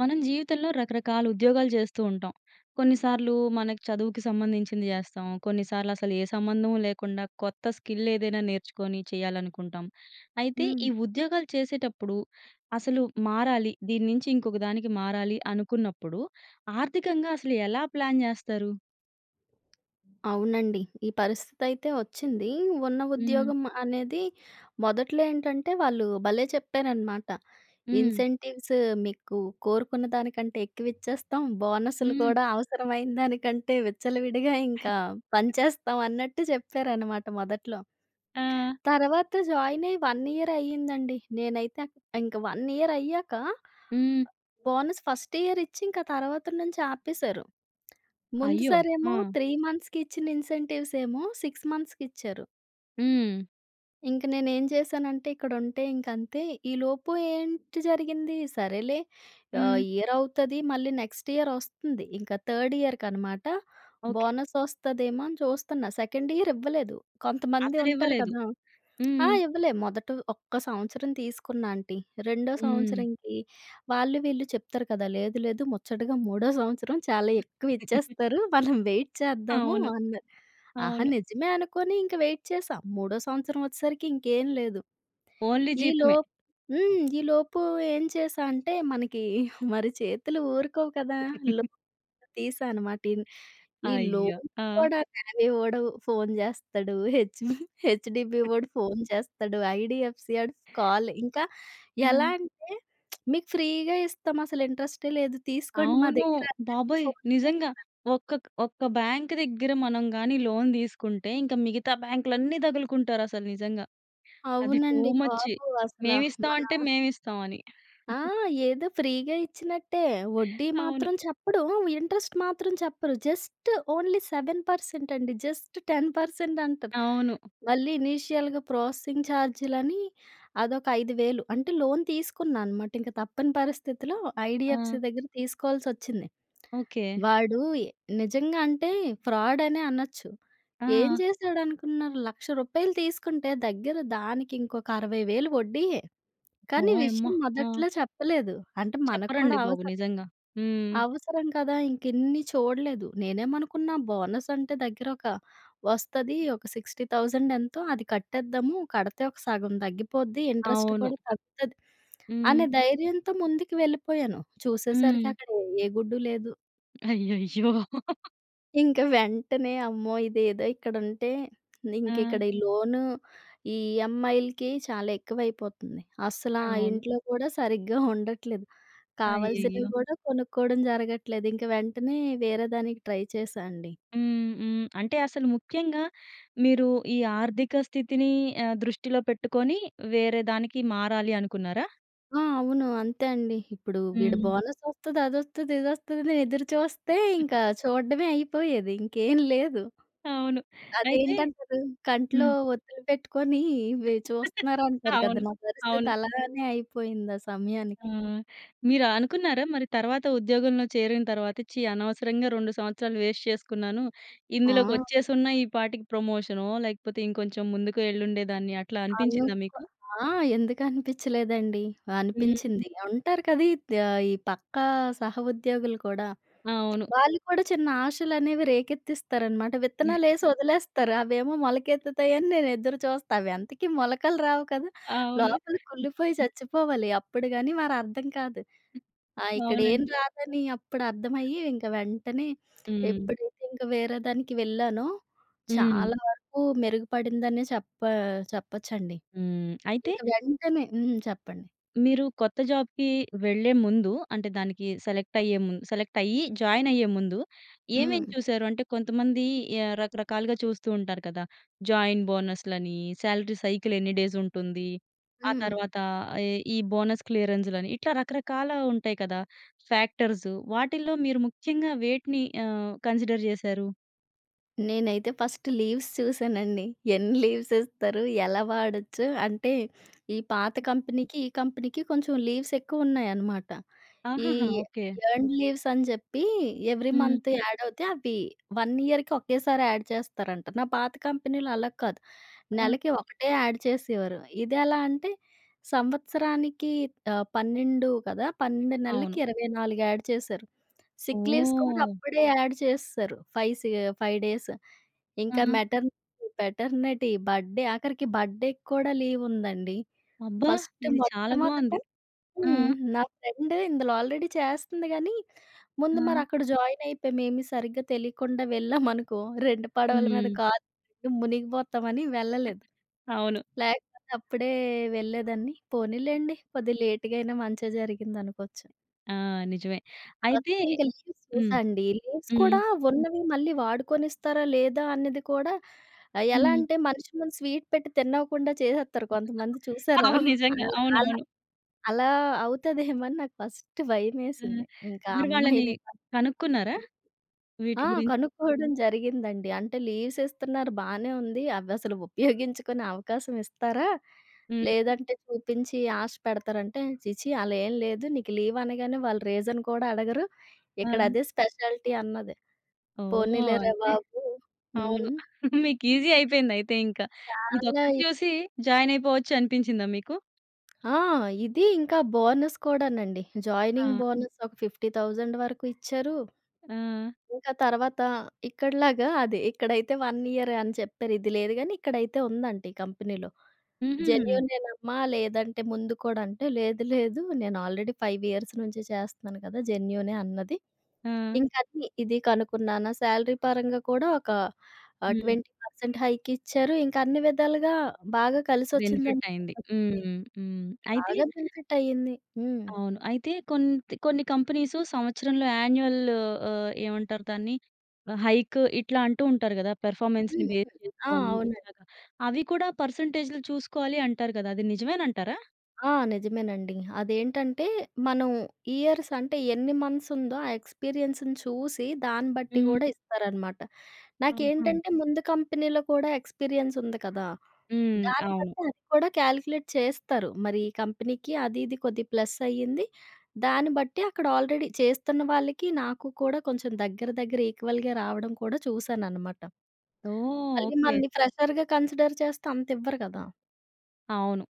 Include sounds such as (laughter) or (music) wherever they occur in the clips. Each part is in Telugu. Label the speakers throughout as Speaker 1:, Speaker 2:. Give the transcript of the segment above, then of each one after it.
Speaker 1: మనం జీవితంలో రకరకాల ఉద్యోగాలు చేస్తూ ఉంటాం. కొన్నిసార్లు మనకు చదువుకి సంబంధించింది చేస్తాం. కొన్నిసార్లు అసలు ఏ సంబంధం లేకుండా కొత్త స్కిల్ ఏదైనా నేర్చుకొని చేయాలనుకుంటాం. అయితే
Speaker 2: హ్మ్.
Speaker 1: ఈ ఉద్యోగాలు చేసేటప్పుడు అసలు మారాలి. దీని నుంచి ఇంకొక దానికి మారాలి అనుకున్నప్పుడు ఆర్థికంగా అసలు ఎలా ప్లాన్ చేస్తారు?
Speaker 2: అవునండి. ఈ పరిస్థితి అయితే వచ్చింది. ఉన్న
Speaker 1: హ్మ్
Speaker 2: ఉద్యోగం అనేది మొదట్లో ఏంటంటే వాళ్ళు భలే! చెప్పారన్నమాట.
Speaker 1: హ్మ్.
Speaker 2: ఇన్సెంటివ్స్ మీకు కోరుకున్న దానికంటే ఎక్కువ ఇచ్చేస్తాం. బోనస్‌లు
Speaker 1: హ్మ్
Speaker 2: కూడా అవసరమైన దానికంటే విచ్చలవిడిగా ఇంకా పంచేస్తాం అన్నట్టు చెప్పారన్నమాట మొదట్లో.
Speaker 1: ఆ!
Speaker 2: తర్వాత జాయిన్ అయ్యి 1 ఇయరే అయిందండి. నేనైతే ఇంక 1 ఇయర్ అయ్యాక
Speaker 1: హ్మ్.
Speaker 2: బోనస్ ఫస్ట్ ఇయర్ ఇచ్చి ఇంక ఆ తర్వాత నుంచి ఆపేశారు. ముందు
Speaker 1: అయ్యో!
Speaker 2: సారేమో
Speaker 1: ఆ!
Speaker 2: 3 మంత్స్‌కి ఇచ్చిన ఇన్సెంటివ్స్ ఏమో 6 మంత్స్‌కి ఇచ్చారు.
Speaker 1: హ్మ్.
Speaker 2: ఇంక నేను ఏం చేశానంటే ఇక్కడ ఉంటే ఇంక అంతే. ఈలోపు ఏంటి జరిగింది? సరేలే ఆహ్,
Speaker 1: హ్మ్.
Speaker 2: ఇయర్ అవుతది మళ్ళీ నెక్స్ట్ ఇయర్ వస్తుంది. ఇంక థర్డ్ ఇయర్‌కి అనమాట.
Speaker 1: ఓకే.
Speaker 2: బోనస్ వస్తదేమో అని చూస్తున్నా. సెకండ్ ఇయర్ ఇవ్వలేదు. కొంతమంది
Speaker 1: అసలు
Speaker 2: ఉంటారు
Speaker 1: ఇవ్వలేదు.
Speaker 2: కదా! ఆ!
Speaker 1: హ్మ్.
Speaker 2: ఇవ్వలే మొదట ఒక్క సంవత్సరం తీసుకున్న ఆంటీ. రెండో
Speaker 1: హ్మ్.
Speaker 2: సంవత్సరంకి వాళ్ళు వీళ్ళు చెప్తారు కదా! లేదు లేదు, ముచ్చటగా మూడో సంవత్సరం చాలా ఎక్కువ
Speaker 1: (giggles)
Speaker 2: ఇచ్చేస్తారు. మనం వెయిట్ చేద్దాము
Speaker 1: అవును.
Speaker 2: అన్నారు. ఆహా!
Speaker 1: అవును.
Speaker 2: నిజమే అనుకోని ఇంక వెయిట్ చేశా. మూడో సంవత్సరం వచ్చేసరికి ఇంకేం లేదు.
Speaker 1: ఓన్లీ
Speaker 2: ఈ లో
Speaker 1: జీతమే.
Speaker 2: హ్మ్, ఈ లోపు ఏం చేశా అంటే, మనకి మరి చేతులు ఊరుకోవు కదా!
Speaker 1: (giggles)
Speaker 2: లోన్ తీశాను అనమాట. ఇన్ ఈ
Speaker 1: అయ్యో!
Speaker 2: లోన్
Speaker 1: ఆ!
Speaker 2: కూడా (unintelligible) వోడు ఫోన్ చేస్తాడు.హెచ్ బి, హెచ్‌డిబీ వోడు ఫోన్ చేస్తడు. ఐడీఎఫ్‌సీ ఆడు కాల్ ఇంకా ఎలా
Speaker 1: హ్మ్.
Speaker 2: అంటే (smacks lips) మీకు ఫ్రీగా ఇస్తాం అసలు ఇంట్రెస్టే లేదు. తీసుకోండి మా
Speaker 1: అవును.
Speaker 2: దగ్గర అన్నట్లు
Speaker 1: బాబోయ్!
Speaker 2: ఫోన్
Speaker 1: నిజంగా
Speaker 2: (unintelligible)
Speaker 1: ఒక్క ఒక్క బ్యాంక్ దగ్గర మనం గాని లోన్ తీసుకుంటే ఇంక మిగతా బ్యాంక్‌లు అన్నీ తగులుకుంటారు అసలు నిజంగా. అది టూ
Speaker 2: అవునండి
Speaker 1: మచ్
Speaker 2: బాబు అసలా.
Speaker 1: మేము ఇస్తాం
Speaker 2: మన
Speaker 1: అంటే మేము ఇస్తాం అని.
Speaker 2: ఆ!
Speaker 1: (chuckles)
Speaker 2: ఏదో ఫ్రీగా ఇచ్చినట్టే. వడ్డీ
Speaker 1: అవును.
Speaker 2: మాత్రం చెప్పడు, హ్మ్, ఇంట్రెస్ట్ మాత్రం చెప్పరు. జస్ట్ ఓన్లీ 7% అండి. జస్ట్ 10% అంటరు.
Speaker 1: అవును.
Speaker 2: మళ్ళీ ఇనీషియల్‌గా ప్రాసెసింగ్ చార్జ్‌‌‌‌‌‌‌‌లని అదొక 5000 వేలు అంత లోన్ తీసుకున్నా అన్నమాట. ఇంక తప్పని పరిస్థితిలో
Speaker 1: ఆ!
Speaker 2: ఐడీఎఫ్‌సీ దగ్గర తీసుకోవాల్సి వచ్చింది.
Speaker 1: ఓకే.
Speaker 2: వాడు నిజంగా అంత ఫ్రాడ్ అనే అనచ్చు. ఏం
Speaker 1: ఆ!
Speaker 2: చేసాడు అనుకున్నారు రూ. 100000 తీసుకుంటే దగ్గర దానికి ఇంకొక 60000 వడ్డీయే. కానీ ఈ
Speaker 1: ఓయమ్మ!
Speaker 2: విషయం
Speaker 1: ఆ!
Speaker 2: మొదట్లో చెప్పలేదు. అంటే మనకు కూడా
Speaker 1: చెప్పరండి బాబు.
Speaker 2: అవసరం.
Speaker 1: నిజంగా. హ్మ్.
Speaker 2: అవసరం కదా! ఇంక ఇన్ని చూడలేదు. నేనేమనుకున్నా బోనస్ అంటే దగ్గర ఒక వస్తది ఒక 60000 ఎంతో.అది కట్టేద్దాము కడితే ఒక సగం తగ్గిపోద్ది. ఇంట్రెస్ట్
Speaker 1: అవును.
Speaker 2: కూడా తగ్గుతది, అనే
Speaker 1: హ్మ్.
Speaker 2: ధైర్యంతో ముందుకు వెళ్ళిపోయాను.
Speaker 1: హ్మ్.
Speaker 2: చూసేసరికి అక్కడ ఏ గుడ్డు లేదు.
Speaker 1: అయ్యయ్యో!
Speaker 2: ఇంక వెంటనే అమ్మో! ఇదేదో ఇక్కడ ఉంటే, ఇంక
Speaker 1: ఆ!
Speaker 2: ఇక్కడ ఈ లోన్, ఈ ఈఎంఐలకి చాలా ఎక్కువ అయిపోతుంది. అస్సలు ఆ
Speaker 1: అవును.
Speaker 2: ఇంట్లో కూడా సరిగ్గా ఉండట్లేదు. కావాల్సినవి
Speaker 1: అయ్యయ్యో!
Speaker 2: కూడా కొనుక్కోవడం జరగట్లేదు. ఇంకా వెంటనే వేరే దానికి ట్రై చేశా అండి.
Speaker 1: హ్మ్. హ్మ్. అంటే అసలు ముఖ్యంగా మీరు ఈ ఆర్థిక స్థితిని హ్మ్. దృష్టిలో పెట్టుకొని వేరే దానికి మారాలి అనుకున్నారా?
Speaker 2: ఆ! అవును. అంతే అండి. ఇప్పుడు వీడు
Speaker 1: హ్మ్.
Speaker 2: బోనస్ వస్తది అదొస్తది ఇది వస్తది అని ఎదురు చూస్తే ఇంకా చూడడమే అయిపోయేది! ఇంకేం లేదు.
Speaker 1: అవును. అయితే
Speaker 2: అదేంటంటారు? కంట్లో
Speaker 1: హ్మ్.
Speaker 2: ఒత్తులు పెట్టుకొని ఇవి
Speaker 1: (giggles)
Speaker 2: చూస్తున్నారు అంటారు కదా!
Speaker 1: అవును.
Speaker 2: నా పరిస్థితి
Speaker 1: అవును.
Speaker 2: అలానే అయిపోయింది ఆ
Speaker 1: ఆ!
Speaker 2: సమయానికి.
Speaker 1: మీరు అనుకున్నారా? మరి తర్వాత ఉద్యోగంలో చేరిన తర్వాత ఛీ! అనవసరంగా 2 సంవత్సరాలు వేస్ట్ చేసుకున్నాను. ఇందులోకి
Speaker 2: ఆ!
Speaker 1: వచ్చేసి ఉన్న ఈ పాటికి ప్రమోషనో లేకపోతే ఇంకొంచెం ముందుకు వెళ్ళుండే దాన్ని అట్లా అనిపించిందా
Speaker 2: అనుక్కో
Speaker 1: మీకు?
Speaker 2: ఆ! ఎందుకు అనిపించలేదండి.
Speaker 1: హ్మ్.
Speaker 2: అనిపించింది. అంటారు కవి, ఈ పక్కా సహ ఉద్యోగులు కూడా
Speaker 1: అవును.
Speaker 2: వాళ్ళు కూడా చిన్న ఆశలు అనేవి రేకెత్తిస్తారన్నమాట. విత్తనాలు వేసి
Speaker 1: (chuckles)
Speaker 2: వదిలేస్తారు అవేమో మొలకెత్తుతాయని నేను ఎదురు చూస్తా అవి అంతకి మొలకలు రావు కదా,
Speaker 1: అవును.
Speaker 2: లోపల కుళ్లిపోయి చచ్చిపోవాలి అప్పుడు గాని మరి అర్థం కాదు. ఆ! ఇక్కడ ఏం
Speaker 1: అవునండి.
Speaker 2: రాదని అప్పుడు అర్థమయ్యి ఇంక వెంటనే
Speaker 1: హ్మ్.
Speaker 2: ఎప్పుడైతే ఇంకా వేరే దానికి వెళ్ళానో
Speaker 1: హ్మ్.
Speaker 2: చాలా వరకు మెరుగుపడిందనే చెప్పా చెప్పచ్చండి.
Speaker 1: హ్మ్. అయితే
Speaker 2: ఇంకా వెంటనే హ్మ్. చెప్పండి.
Speaker 1: మీరు కొత్త జాబ్‌కి వెళ్ళే ముందు అంటే దానికి సెలెక్ట్ అయ్యేముందు సెలెక్ట్ అయ్యి జాయిన్ అయ్యే ముందు ఏమేం
Speaker 2: హ్మ్.
Speaker 1: చూసారు? అంటే కొంతమంది రకరకాలుగా చూస్తూ ఉంటారు కదా! జాయిన్ బోనస్‌లని సాలరీ సైకిల్ ఎన్ని డేస్ ఉంటుంది. ఆ
Speaker 2: హ్మ్.
Speaker 1: తరువాత ఈ ఈ బోనస్ క్లియరెన్స్‌లని ఇట్లా రకరకాల ఉంటాయి కదా! ఫ్యాక్టర్స్. వాటిల్లో మీరు ముఖ్యంగా వేటిని ఆహ్, కన్సిడర్ చేసారు?
Speaker 2: నేనైతే ఫస్ట్ లీవ్స్ చూసానండి. (chuckles) ఎన్ని లీవ్స్ ఇస్తారు, ఎలా వాడొచ్చు అంటే ఈ పాత కంపెనీకి ఈ కంపెనీకి కొంచెం లీవ్స్ ఎక్కువ ఉన్నాయనమాట. ఈ
Speaker 1: ఆహాహా! ఓకే.
Speaker 2: ఎర్న్‌డ్ లీవ్స్ అని చెప్పీ ఎవరీ
Speaker 1: హ్మ్.
Speaker 2: మంత్ యాడ్ అవుతే అవి వన్ ఇయర్‌కి ఒకేసారి యాడ్ చేస్తారంట. నా పాత కంపెనీలో అలా కాదు.
Speaker 1: ఆ!
Speaker 2: నెలకి ఒకటే యాడ్ చేసేవారు. ఇదెలా అంటే సంవత్సరానికి ఆహ్, 12 కదా! 12
Speaker 1: అవును.
Speaker 2: నెలలకి 24 యాడ్ చేశారు. సిక్ లీవ్స్ కూడా
Speaker 1: ఓహ్!
Speaker 2: అప్పుడే యాడ్ చేసేసారు. 5 సీ 5 డేస్. ఇంక
Speaker 1: ఆ!
Speaker 2: మెటర్నిటీ, పెటర్‌నిటీ, బర్త్‌డే ఆఖరికి బర్త్‌డేకి కూడా లీవ్ ఉందండి.
Speaker 1: అబ్బా!
Speaker 2: ఫస్ట్
Speaker 1: ఇది చాలా బాగుంది.
Speaker 2: మొట్టమొదట
Speaker 1: ఆ!
Speaker 2: హ్మ్, నా ఫ్రెండ్ ఇందులో ఆల్‌రెడీ చేస్తంది గానీ, ముందు
Speaker 1: ఆ!
Speaker 2: మరి అక్కడ జాయిన్ అయిపోయం ఏమి సరిగ్గా తెలియకుండా వెళ్ళాం అనుకో, (chuckles) రెండు పడవల మీద
Speaker 1: హ్మ్.
Speaker 2: కాలు మునిగిపోతామని వెళ్ళలేదు.
Speaker 1: అవును.
Speaker 2: లేకపోతే అప్పుడే వెళ్ళేదాన్ని. పోనీలెండి కొద్దిగ లేట్‌గా అయినా మంచే జరిగింది అనుకోవచ్చు.
Speaker 1: ఆ! నిజమే. అయితే
Speaker 2: ఫస్ట్ ఇంక లీవ్స్
Speaker 1: హ్మ్.
Speaker 2: చూసా అండి. లీవ్స్
Speaker 1: హ్మ్.
Speaker 2: కూడా ఉన్నవి మళ్ళీ వాడుకొనిస్తారా లేదా? అన్నది కూడా ఆహ్, ఎలా
Speaker 1: హ్మ్.
Speaker 2: అంటే మనిషి ముందు స్వీట్ పెట్టి తిన్ని‌వ్వకుండా చేసేస్తారు కొంతమంది
Speaker 1: (laughs)
Speaker 2: చూసారా!
Speaker 1: అవును. నిజంగా!
Speaker 2: (unintelligible)
Speaker 1: అవునవును.
Speaker 2: అలా అవుతదేమో అని నాకు (chuckles) ఫస్ట్
Speaker 1: హ్మ్.
Speaker 2: భయమేసింది. ఇంకా ఆ
Speaker 1: మరి వాళ్ళని
Speaker 2: అమ్మాయిని
Speaker 1: కనుక్కున్నారా?
Speaker 2: (unintelligible)
Speaker 1: వీటి
Speaker 2: ఆ!
Speaker 1: గురించి?
Speaker 2: కనుక్కోవడం జరిగిందండి అంటే లీవ్స్ ఇస్తున్నారు. బానే ఉంది. అవి అసలు ఉపయోగించుకునే అవకాశం ఇస్తారా?
Speaker 1: హ్మ్.
Speaker 2: లేదంటే చూపించి ఆశ పెడతారంటే, "ఛీ ఛీ అలా ఏమి లేదు. నీకు లీవ్ అనగానే వాళ్ళు రీజన్ కూడా అడగరు. ఇక్కడ
Speaker 1: ఆ!
Speaker 2: అదే స్పెషాలిటీ" అన్నది.
Speaker 1: ఓహ్!
Speaker 2: పోనీలేరా!
Speaker 1: అయితే,
Speaker 2: బాబు
Speaker 1: అవును.
Speaker 2: హ్మ్.
Speaker 1: (chuckles) మీకు ఈజీ అయిపోయింది అయితే ఇంక.
Speaker 2: చాలా
Speaker 1: ఇదొక్కటి
Speaker 2: ఇ
Speaker 1: చూసి జాయిన్ అయిపోవచ్చు అనిపించిందా మీకు?
Speaker 2: ఆ! ఇదీ ఇంకా బోనస్ కూడానండి. జాయినింగ్
Speaker 1: ఆ!
Speaker 2: బోనస్ ఒక, 50000 వరకు ఇచ్చారు..
Speaker 1: ఆ!
Speaker 2: ఇంకా తర్వాత ఇక్కడలాగా అది ఇక్కడైతే 1 ఇయరే అని చెప్పారు. ఇది లేదు కానీ, ఇక్కడైతే ఉందంట ఈ కంపెనీలో.
Speaker 1: హుహు.
Speaker 2: జెన్యూనేనమ్మా లేదంటే ముందు కూడా అంటే, లేదు, లేదు నేను ఆల్రెడీ 5 ఇయర్స్ నుంచి చేస్తున్నాను కదా! జెన్యూనే అన్నది.
Speaker 1: ఆ!
Speaker 2: ఇంక అది, ఇది కనుక్కున్నాన, శాలరీ పరంగా కూడా ఒక ఆహ్,
Speaker 1: హ్మ్.
Speaker 2: 20% హైకిచ్చారు. ఇంకా అన్ని విధాలుగా బాగా కలిసొచ్చిందని
Speaker 1: బెనిఫిటైంది. హ్మ్.
Speaker 2: చెప్పొచ్చండి.
Speaker 1: హ్మ్. హ్మ్. అయితే
Speaker 2: బాగా బెనిఫిటైంది. హ్మ్.
Speaker 1: అవును. అయితే కొంత్ కొన్ని కంపెనీసు సంవత్సరంలో యాన్యుయల్ ఆహ్, ఏమంటారు దాన్ని ఆహ్, హైక్ ఇట్లా అంటూ ఉంటారు గదా! పెర్ఫార్మన్స్‌ని
Speaker 2: హ్మ్.
Speaker 1: బేస్
Speaker 2: ఆ!
Speaker 1: చేసుకొని
Speaker 2: అవునండి.
Speaker 1: ఇట్లాగా, అవి కూడా పర్సెంటేజ్‌‌లు చూసుకోవాలి అంటారు గదా! అది నిజమేనంటారా?
Speaker 2: ఆ! నిజమేనండి అదేంటంటే, మనం ఇయర్స్ అంటే, ఎన్ని మంత్స్ ఉందో ఆ ఎక్స్‌పీరియన్స్‌ని చూసి, దాన్ని బట్టి
Speaker 1: హ్మ్.
Speaker 2: గూడా ఇస్తారనమాట.
Speaker 1: ఆహా!
Speaker 2: నాకేంటంటే ముందు కంపెనీలో కూడా ఎక్స్‌పీరియన్స్‌ ఉంది కదా!
Speaker 1: హ్మ్.
Speaker 2: దాన్ని
Speaker 1: అవును.
Speaker 2: బట్టి అది కూడా కాలిక్యులేట్ చేస్తారు. మరి ఈ కంపెనీకి అది ఇది కొద్దిగ ప్లస్ అయ్యింది. దాన్ని బట్టి అక్కడ ఆల్రెడీ చేస్తున్న వాళ్ళకి నాకు కూడా కొంచెం దగ్గర, దగ్గర ఈక్వల్‌గే రావడం కూడా చూశాననమాట.
Speaker 1: ఓహ్!
Speaker 2: మళ్ళీ
Speaker 1: ఓకే.
Speaker 2: మనల్ని ఫ్రెషర్‌గా కన్సిడర్ చేస్తే అంత ఇవ్వరు గదా!
Speaker 1: అవును.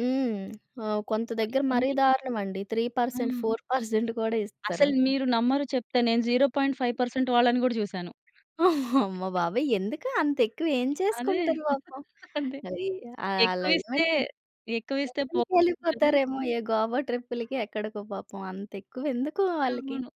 Speaker 2: హ్మ్. ఆ! కొంత
Speaker 1: సో,
Speaker 2: దగ్గర మరీ
Speaker 1: ఇవన్నీ
Speaker 2: దారుణం అండి. త్రీ పర్సెంట్,
Speaker 1: హ్మ్.
Speaker 2: ఫోర్ పర్సెంట్ గూడా ఇస్తరు.
Speaker 1: అసలు మీరు నమ్మరు చెప్తే నేను 0.5% వాళ్ళని గూడా చూసాను.
Speaker 2: (chuckles) అమ్మ బాబోయ్! ఎందుకు అంత ఎక్కువ ఏం
Speaker 1: అదే
Speaker 2: చేసుకుంటారు
Speaker 1: (chuckles)
Speaker 2: పాపం.
Speaker 1: అంతే
Speaker 2: అవీ ఆహ్,
Speaker 1: ఎక్కువ
Speaker 2: అలా.
Speaker 1: ఇస్తే
Speaker 2: (unintelligible)
Speaker 1: ఎక్కువ ఇస్తే పోగొట్టుకుంటారు.
Speaker 2: కెళ్ళిపోతారేమో ఏ గోవా ట్రిప్‌లకి ఎక్కడికో పాపం. అంత ఎక్కువ ఎందుకు వాళ్ళకి?
Speaker 1: అవును.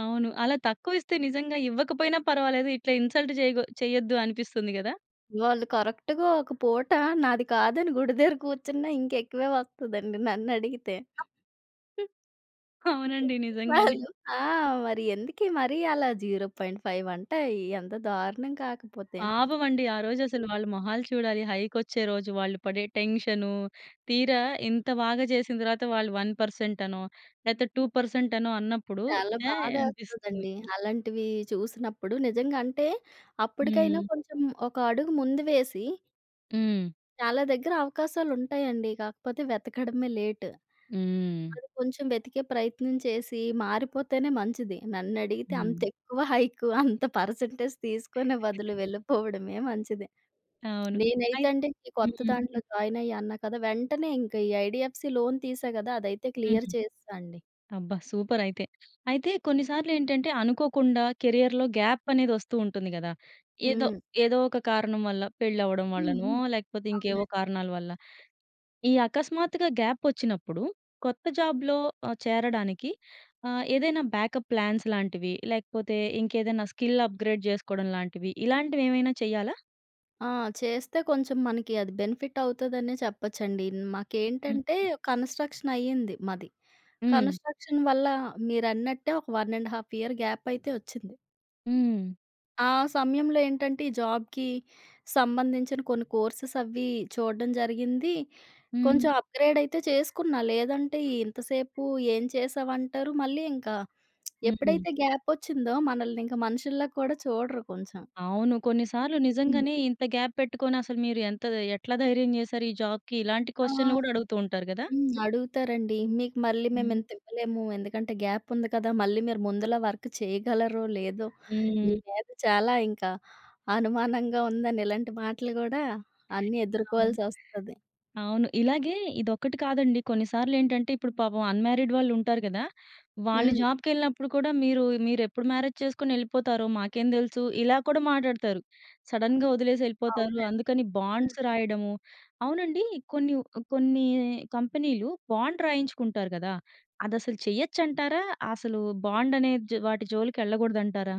Speaker 1: అవును. అలా తక్కువ ఇస్తే నిజంగా ఇవ్వకపోయినా పర్వాలేదు. ఇట్లా ఇన్సల్ట్ చేయగు చెయ్యొద్దు అనిపిస్తుంది కదా!
Speaker 2: వాళ్ళు కరెక్ట్‌గా ఒక పూట నాది కాదని గుడి దగ్గర కూర్చున్నా ఇంకా ఎక్కువే వస్తదండి నన్ను అడిగితే. (chuckles)
Speaker 1: అవునండి. నిజంగానే.
Speaker 2: వాళ్ళు ఆ! మరి ఎందుకు మరి అలా 0.5 అంటే ఈ ఎంత దారుణం కాకపోతే.
Speaker 1: పాపం అండి. ఆ రోజు అసలు వాళ్ళ మొహాలు చూడాలి. హైక్ వచ్చే రోజు వాళ్ళు పడే టెన్షను. తీరా ఇంత బాగా చేసిన తర్వాత వాళ్ళు 1% అనో, లేకపోతే 2% అనో అన్నప్పుడు
Speaker 2: చాలా
Speaker 1: ఛాయ్ అనిపిస్తుంది.
Speaker 2: బాధేస్తదండి. అలాంటివి చూసినప్పుడు నిజంగా అంటే అప్పుడికైనా
Speaker 1: హ్మ్.
Speaker 2: కొంచెం ఒక అడుగు ముందు వేసి...
Speaker 1: హ్మ్.
Speaker 2: చాలా దగ్గర అవకాశాలు ఉంటాయండి. కాకపోతే వెతకడమే లేట్.
Speaker 1: హ్మ్.
Speaker 2: వాళ్లు కొంచెం వెతికే ప్రయత్నం చేసి మారిపోతేనే మంచిది. నన్ను అడిగితే అంత
Speaker 1: హ్మ్.
Speaker 2: ఎక్కువ హైక్, అంత పర్సెంటేజ్ తీసుకొనే
Speaker 1: (giggles)
Speaker 2: బదులు వెళ్ళిపోవడమే మంచిది.
Speaker 1: అవును. అయి
Speaker 2: నేనైతే అండి ఈ కొత్త
Speaker 1: హ్మ్.
Speaker 2: దాంట్లో జాయిన్ అయ్యా అన్నా కదా! వెంటనే ఇంకా ఈ ఐడీఎఫ్‌సీ లోన్ తీసా కదా! అదైతే క్లియర్
Speaker 1: హ్మ్.
Speaker 2: చేసేసా అండి.
Speaker 1: అబ్బా! సూపర్ అయితే. అయితే కొన్ని సార్లు ఏంటంటే అనుకోకుండా కెరియర్‌లో గ్యాప్ అనేది వస్తూ ఉంటుంది కదా! ఏదో
Speaker 2: హ్మ్.
Speaker 1: ఏదో ఒక కారణం వల్ల పెళ్లి అవ్వడం వల్లనో,
Speaker 2: హుహు.
Speaker 1: లేకపోతే ఇంకేవో
Speaker 2: అవునండి.
Speaker 1: కారణాల వల్ల. ఈ అకస్మాత్తుగా గ్యాప్ వచ్చినప్పుడు కొత్త జాబ్‌లో ఆహ్, చేరడానికి ఆహ్, ఏదైనా బ్యాకప్ ప్లాన్స్ లాంటివి? లేకపోతే ఇంకేదైనా స్కిల్ అప్‌గ్రేడ్ చేసుకోవడం లాంటివి ఇలాంటివి ఏమైనా చేయాలా?
Speaker 2: ఆ! చేస్తే కొంచెం మనకి అది బెనిఫిట్ అవుతుదనే చెప్పొచ్చండి.
Speaker 1: హ్మ్.
Speaker 2: మాకేంటంటే కన్‌స్ట్రక్షన్‌ అయ్యింది మాది.
Speaker 1: హ్మ్.
Speaker 2: కన్‌స్ట్రక్షన్‌ వల్ల మీరన్నట్టే ఒక 1 1/2 ఇయర్ గ్యాప్ అయితే వచ్చింది.
Speaker 1: హ్మ్.
Speaker 2: ఆ! సమయంలో ఏంటంటే ఈ జాబ్‌కి సంబంధించిన కొన్ని కోర్సెస్ అవ్వి చూడడం జరిగింది.
Speaker 1: హ్మ్.
Speaker 2: కొంచెం అప్‌‌గ్రేడ్ అయితే చేసుకున్నా. లేదంటే ఇంతసేపు ఏం చేశావు? అంటరు మళ్ళీ ఇంకా
Speaker 1: హ్మ్. హ్మ్.
Speaker 2: ఎప్పుడైతే గ్యాపోచ్చిందో మనల్ని ఇంకా మనుషుల కూడా చూడరు కొంచెం.
Speaker 1: అవును. కొన్ని సార్లు నిజంగానే
Speaker 2: హ్మ్.
Speaker 1: "ఇంత అవును గ్యాప్ పెట్టుకొని అసలు మీరు ఎంత ఎట్లా ధైర్యం చేసారు ఈ జాబ్‌కి?", ఇలాంటి
Speaker 2: ఆ!
Speaker 1: క్వెషన్‌లు కూడా అడుగుతూ ఉంటారు కదా?
Speaker 2: హ్మ్. అడుగుతారండి "మీకు మళ్ళీ మేము
Speaker 1: హ్మ్.
Speaker 2: ఇంత ఇవ్వలేము. ఎందుకంటే గ్యాప్ ఉంది కదా! మళ్ళీ మీరు ముందుల వర్క్ చేయగలరో? లేదో? మీ
Speaker 1: హ్మ్.
Speaker 2: మీద చాలా ఇంకా అనుమానంగా ఉందని", ఇలాంటి మాటలు కూడా అన్నీ
Speaker 1: అవును.
Speaker 2: ఎదుర్కోవాల్సొస్తది.
Speaker 1: అవును. ఇలాగే ఇదొక్కటి కాదండి. కొన్నిసార్లు ఏంటంటే ఇప్పుడు పాపం అన్‌మ్యారిడ్ వాళ్ళు ఉంటారు కదా! వాళ్ళు
Speaker 2: హ్మ్.
Speaker 1: జాబ్‌కె‌ళ్ళినప్పుడు కూడా "మీరు మీరు ఎప్పుడు మ్యారేజ్ చేసుకొని వెళ్ళిపోతారో? మాకేం తెలుసు". ఇలా కూడా మాట్లాడతారు. సడెన్‌గా వదిలేసి వెళ్ళిపోతారు.
Speaker 2: అవునండి.
Speaker 1: అందుకని బాండ్స్
Speaker 2: హ్మ్.
Speaker 1: రాయడము అవునండి? కొన్ని వ కొన్ని కంపెనీలు బాండ్ రాయించుకుంటారు కదా! అదసలు చెయ్యొచ్చు అంటారా? అసలు బాండ్ అనే జా వాటి జోలికి వెళ్ళకూడదు అంటారా?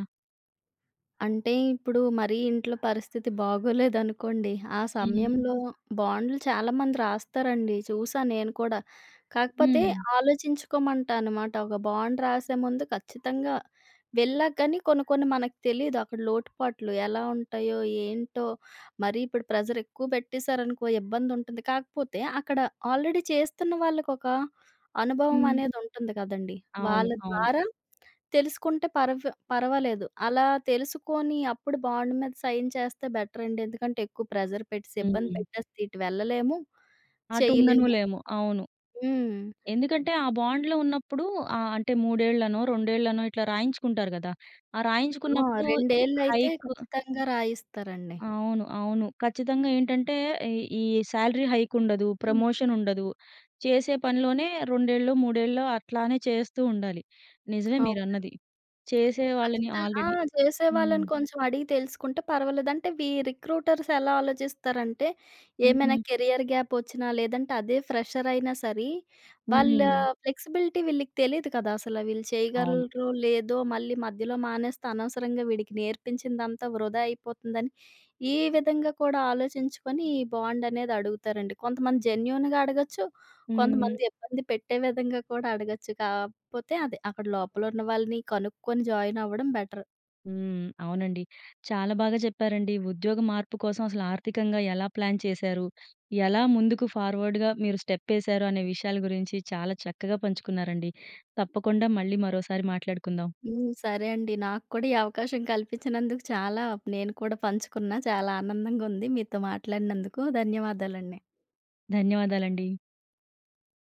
Speaker 2: అంటే ఇప్పుడు మరి ఇంట్లో పరిస్థితి బాగోలేదనుకోండి ఆ
Speaker 1: హ్మ్.
Speaker 2: సమయంలో బాండ్లు చాలామంది రాస్తారండి. చూసాను నేను కూడా. కాకపోతే
Speaker 1: హ్మ్.
Speaker 2: ఆలోచించుకోమంటా అనమాట. ఒక బాండ్ రాసే ముందు ఖచ్చితంగా వెళ్ళా కానీ కొన్ని కొన్ని మనకు తెలియదు అక్కడ లోటుపాట్లు. ఎలా ఉంటాయో, ఏంటో? మరి ఇప్పుడు ప్రెజర్ ఎక్కువ పెట్టేశారనుకో ఇబ్బంది ఉంటుంది. కాకపోతే అక్కడ ఆల్రెడీ చేస్తున్న వాళ్ళకి ఒక అనుభవం
Speaker 1: హ్మ్.
Speaker 2: అనేది ఉంటుంది కదండీ.
Speaker 1: అవును.
Speaker 2: వాళ్ళ
Speaker 1: అవును.
Speaker 2: ద్వారా తెలుసుకుంటే పర్ పర్వాలేదు. అలా తెలుసుకొని అప్పుడు బాండ్ మీద సైన్ చేస్తే బెటర్ అండి. ఎందుకంటే ఎక్కువ ప్రెషర్ పెట్టేసి ఇబ్బంది
Speaker 1: హుహు.
Speaker 2: పెట్టేసి ఇటు వెళ్ళలేము.
Speaker 1: అటు ఉండను
Speaker 2: చేయలేము.
Speaker 1: లేము. అవును.
Speaker 2: హ్మ్.
Speaker 1: ఎందుకంటే ఆ బాండ్‌లో ఉన్నప్పుడు ఆ! అంటే మూడేళ్ళనో, రెండేళ్ళనో ఇట్లా రాయించుకుంటారు కదా! ఆ
Speaker 2: ఆ
Speaker 1: రాయించుకున్నప్పుడు
Speaker 2: రెండేళ్లయితే
Speaker 1: హైక్
Speaker 2: ఖచ్చితంగా రాయిస్తారండి.
Speaker 1: అవును. అవును. ఖచ్చితంగా ఏంటంటే ఈ, ఈ సాలరీ హైక్ ఉండదు.
Speaker 2: హ్మ్.
Speaker 1: ప్రమోషన్ ఉండదు. చేసే పనిలోనే 2 ఎళ్ళో, 3 ఎళ్ళో అట్లానే చేస్తూ ఉండాలి. నిజమే
Speaker 2: అవునండి.
Speaker 1: మీరన్నది. చేసే వాళ్ళని
Speaker 2: ఖచ్చితంగా ఆ!
Speaker 1: ఆల్రెడీ హ్మ్.
Speaker 2: చేసేవాళ్ళని కొంచెం అడిగి తెలుసుకుంటే పర్వాలేదు. అంటే వీ రిక్రూటర్స్ ఎలా ఆలోచిస్తారంటే ఏమైనా
Speaker 1: హుహు.
Speaker 2: కెరియర్ గ్యాప్ వచ్చినా లేదంటే అదే ఫ్రెషర్ అయినా సరి వాళ్ళ
Speaker 1: హుహు.
Speaker 2: ఫ్లెక్సిబిలిటీ వీళ్ళకి తెలీదు కదా! అసలు వీళ్ళు
Speaker 1: అవును.
Speaker 2: చేయగలరో లేదో మళ్ళీ మధ్యలో మానేస్తే అనవసరంగా వీడికి నేర్పించిందంతా వృధా అయిపోతుందని ఈ విధంగా కూడా ఆలోచించుకొని ఈ బాండ్ అనేది అడుగుతారండి. కొంతమంది జెన్యూన్‌గా అడగొచ్చు.
Speaker 1: హ్మ్.
Speaker 2: కొంతమంది ఇబ్బంది పెట్టే విధంగా కూడా అడగొచ్చు. కాకపోతే అది అక్కడ లోపల ఉన్న వాళ్ళని కనుక్కొని జాయిన్ అవ్వడం బెటర్.
Speaker 1: హ్మ్. అవునండి. చాలా బాగా చెప్పారండి. ఉద్యోగ మార్పు కోసం అసలు ఆర్థికంగా ఎలా ప్లాన్ చేశారు. ఎలా ముందుకు ఫార్వర్డ్‌గా మీరు స్టెప్ ఎశారు అనే విషయాల గురించి చాలా చక్కగా పంచుకున్నారండి. తప్పకుండా మళ్ళీ మరోసారి మాట్లాడుకుందాం.
Speaker 2: హ్మ్. సరే అండి. నాకు కూడా ఈ అవకాశం కల్పించినందుకు చాలా నేను కూడా పంచుకున్నా చాలా ఆనందంగా ఉంది మీతో మాట్లాడినందుకు. ధన్యవాదాలండి.
Speaker 1: ధన్యవాదాలండి.